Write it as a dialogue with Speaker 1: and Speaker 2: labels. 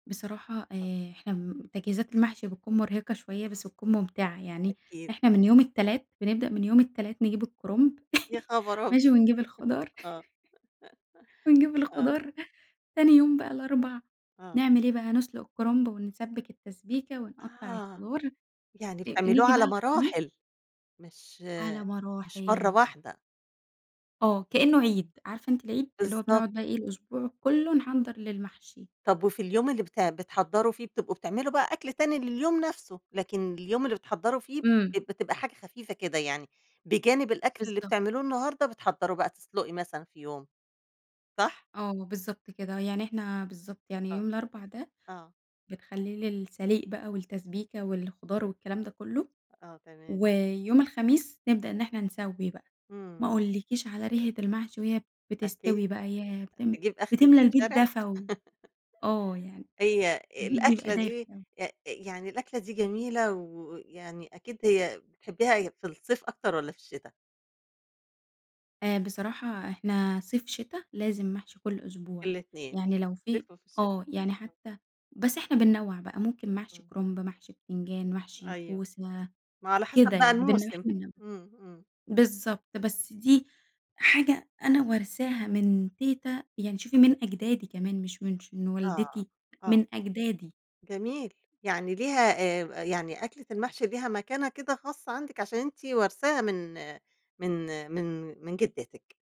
Speaker 1: بصراحة
Speaker 2: [unintelligible]
Speaker 1: آآ إحنا م تجهيزات المحشي بتكُون مرهقة شوية بس بتكُون ممتعة يعني،
Speaker 2: أكيد.
Speaker 1: إحنا من يوم التلات، بنبدأ من يوم التلات، نجيب الكُرُمب،
Speaker 2: يا خَبر أبيض!
Speaker 1: ماشي؟ ونجيب الخضار،
Speaker 2: آه.
Speaker 1: ونجيب
Speaker 2: آه.
Speaker 1: الخضار، تاني يوم بقى الأربع،
Speaker 2: آه.
Speaker 1: نعمل إيه بقى، نسلُق الكرمب ونسبّك التسبيكة ونقطّع
Speaker 2: آه،
Speaker 1: الخضار،
Speaker 2: يعني
Speaker 1: إ
Speaker 2: بتعملوه
Speaker 1: نيجي بقى
Speaker 2: على
Speaker 1: الخميس
Speaker 2: مراحل، مش
Speaker 1: على
Speaker 2: مش مَرّة
Speaker 1: مراحل.
Speaker 2: واحدة.
Speaker 1: آه كإنه عِيد، عارفة أنتِ العيد؟ اللي هو
Speaker 2: بالضبط.
Speaker 1: بنقعد بقى إيه، الأسبوع كُلّه نحضّر للمحشي.
Speaker 2: طب وفي اليوم اللي بت بتحضّروا فيه بتبقوا بتعملوا بقى أكل تاني لليوم نَفْسه، لكن اليوم اللي بتحضّروا فيه ب
Speaker 1: إمم.
Speaker 2: بتبقى حاجة خفيفة كده يعني، بجانب الأكل اللي
Speaker 1: بالضبط.
Speaker 2: بتعملوه النهارده، بتحضّروا بقى، تُسلقي مثلًا في يوم. صح؟
Speaker 1: آه بالضبط كده، يعني إحنا بالضبط، يعني
Speaker 2: آه،
Speaker 1: يوم الأربع ده،
Speaker 2: آه.
Speaker 1: بنخلّيه للسليق بقى والتسبيكة والخضار والكلام ده كُلّه.
Speaker 2: آه، تمام.
Speaker 1: ويوم الخميس نبدأ إن إحنا نسَوّي بقى. ما
Speaker 2: إمم.
Speaker 1: أقولكيش على ريحة المحشي وهي
Speaker 2: أكيد،
Speaker 1: بتستوي بقى، ياه! بتم
Speaker 2: تجيب آخر
Speaker 1: بتملا البيت
Speaker 2: الشارع؟
Speaker 1: دفى و آه يعني
Speaker 2: هي
Speaker 1: البيت بيبقى
Speaker 2: الأكلة
Speaker 1: دافي،
Speaker 2: دي
Speaker 1: آه.
Speaker 2: أ أ يعني الأكلة دي جميلة، ويعني أكيد هي بتحبيها هي في الصيف أكتر والّا في الشتا؟
Speaker 1: آآ، بصراحة إحنا صيف، شتا، لازم محشي كُلّ أسبوع،
Speaker 2: الاتنين،
Speaker 1: يعني لو في
Speaker 2: صيف وفي الشتا.
Speaker 1: آه، يعني
Speaker 2: [unintelligible]
Speaker 1: حتّى بس إحنا بننوّع بقى، ممكن محشي
Speaker 2: إمم.
Speaker 1: كُرُنب، محشي بتنجان، محشي
Speaker 2: أيوه،
Speaker 1: كوسة،
Speaker 2: ما على
Speaker 1: كده
Speaker 2: حسب
Speaker 1: يعني،
Speaker 2: بقى الموسم.
Speaker 1: [unintelligible]
Speaker 2: إمم، إمم.
Speaker 1: بالضبط، بس دي حاجة أنا وارثاها من تيتة، يعني شوفي من أجدادي كمان مش من مش من
Speaker 2: آه،
Speaker 1: والدتي،
Speaker 2: آه.
Speaker 1: من أجدادي.
Speaker 2: جميل، يعني ليها آآ، آآ يعني أكلة المحشي ليها مكانة كده خاصّة عندِك عشان أنتِ وارثاها من من من من جدتِك.